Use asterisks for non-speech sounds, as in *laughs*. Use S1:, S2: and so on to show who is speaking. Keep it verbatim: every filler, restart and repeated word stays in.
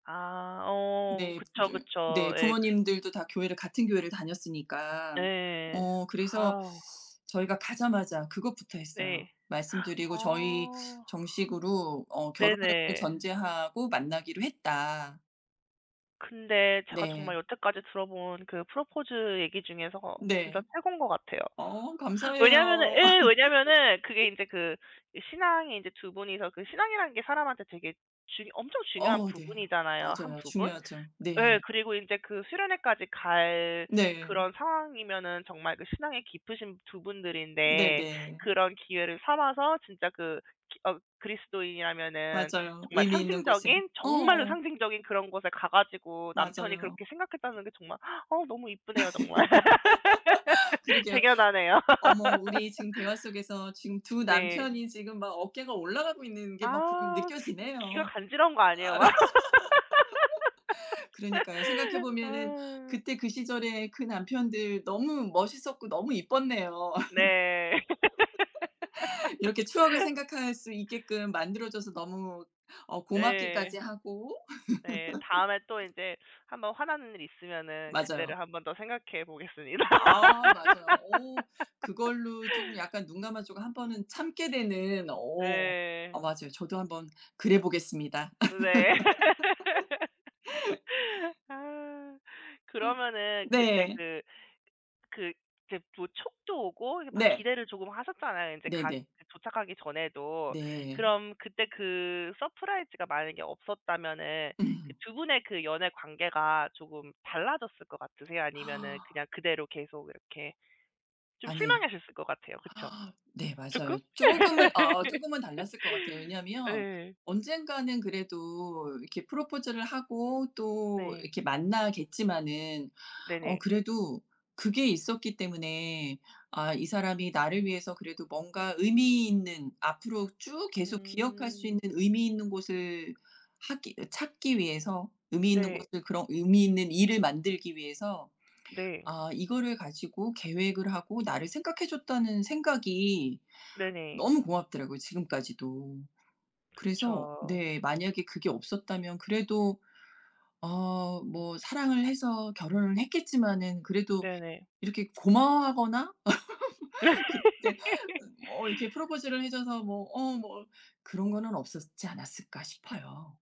S1: 아 어
S2: 네.
S1: 그쵸,
S2: 쫌
S1: 그쵸.
S2: 네
S1: 예.
S2: 부모님들도 다 교회를 같은 교회를
S1: 네
S2: 다녔으니까.
S1: 예예.
S2: 어 그래서
S1: 아우.
S2: 저희가 가자마자 그것부터 했어요.
S1: 네. *gasps*
S2: 말씀드리고 "저희
S1: 어.
S2: 정식으로 어 결혼을
S1: 네네.
S2: 전제하고 만나기로 했다."
S1: 근데 제가 정말
S2: 네.
S1: 여태까지 들어 본 그 프러포즈 얘기 중에서
S2: 네.
S1: 진짜 최곤 것 같아요.
S2: 어
S1: 왜냐하면은
S2: 감사해요.
S1: 예 왜냐하면은 그게 인제
S2: *laughs*
S1: 그 신앙이 인제 두 분이서 그 신앙이라는 게 사람한테 되게 중 엄청 중요한
S2: 어 네.
S1: 부분이잖아요 한
S2: 맞아요.
S1: 부분.
S2: 중요하죠.
S1: 예
S2: 네.
S1: 그리고 인제 그 수련회까지 갈
S2: 네.
S1: 그런 상황이면은 정말 그 신앙이 깊으신 두 분들인데
S2: 네네.
S1: 그런 기회를 삼아서 진짜 그 기 어 그리스도인이라면은
S2: 맞아요.
S1: 정말
S2: 의미 있는 곳에.
S1: 상징적인 정말로
S2: 어.
S1: 상징적인 그런 곳에 가 가지고 남편이
S2: 맞아요.
S1: 그렇게 생각했다는 게 정말 어우 너무 이쁘네요 정말. *laughs*
S2: *laughs* 그러게요.
S1: 대견하네요.
S2: 어머 우리
S1: *laughs*
S2: 지금 대화 속에서 지금 두
S1: 네.
S2: 남편이 지금 막 어깨가 올라가고 있는 게 막 부
S1: 아 이 귀가
S2: 느껴지네요.
S1: 간지러운 거 아니에요 막.
S2: *laughs* 그러니까요. 생각해
S1: *laughs*
S2: 보면은
S1: 아.
S2: 그때 그 시절에 그 남편들 너무 멋있었고 너무 이뻤네요.
S1: 네. *laughs*
S2: *laughs* 이렇게 추억을 생각할 수 있게끔 만들어줘서 너무 어 고맙기까지
S1: 예.
S2: 하고.
S1: 예. 다음에 또
S2: *laughs*
S1: 인제 한번 화나는 일 있으면은
S2: 맞아요.
S1: 그때를 한 번 더 생각해 보겠습니다.
S2: 아 맞아요. 오.
S1: *laughs*
S2: 그걸로 쪼금 약간 눈감아 주고 한 번은 참게 되는 오. 아
S1: 네.
S2: 맞아요. 저도 한번 그래 보겠습니다.
S1: 네.
S2: *laughs*
S1: *laughs* 아.
S2: 아.
S1: 그러면은 그때
S2: 네.
S1: 그 그 이케 부 촉도 오고 막
S2: 네.
S1: 기대를 조금 하셨잖아요 인제 가
S2: 네네.
S1: 도착하기 전에도.
S2: 네.
S1: 그럼 그때 그 서프라이즈가 만약에 없었다면은 그
S2: 으흠.
S1: 두 분의 그 연애 관계가 조금 달라졌을 것 같으세요? 아니면은
S2: *gasps*
S1: 그냥 그대로 계속 이렇게 좀
S2: 아니에요.
S1: 실망하셨을 것 같아요. 그쵸?
S2: *gasps* 네
S1: 조금?
S2: 맞아요. 쪼금은 아
S1: *laughs*
S2: 쪼금은 달랐을 것 같아요. 왜냐하면
S1: 예.
S2: 언젠가는 그래도 이렇게 프러포즈를 하고 또
S1: 네.
S2: 이렇게 만나겠지만은 어
S1: 네네.
S2: 그래도 그게 있었기 때문에 아 이 사람이 나를 위해서 그래도 뭔가 의미 있는 앞으로 쭉 계속 기억할 수
S1: 음.
S2: 있는 의미 있는 곳을 하기 찾기 위해서 의미 있는
S1: 네.
S2: 곳을 그런 의미 있는 일을 만들기 위해서
S1: 네.
S2: 아 이거를 가지고 계획을 하고 나를 생각해 줬다는 생각이
S1: 네네.
S2: 너무 고맙더라고요 지금까지도. 그래서
S1: 그쵸.
S2: 네. 만약에 그게 없었다면 그래도 어 뭐 사랑을 해서 결혼을 했겠지만은 그래도
S1: 네네.
S2: 이렇게 고마워하거나 *laughs* 그때
S1: *laughs*
S2: 어 이렇게 프러포즈를 해 줘서 뭐 어 뭐 그런 거는 없었지 않았을까 싶어요.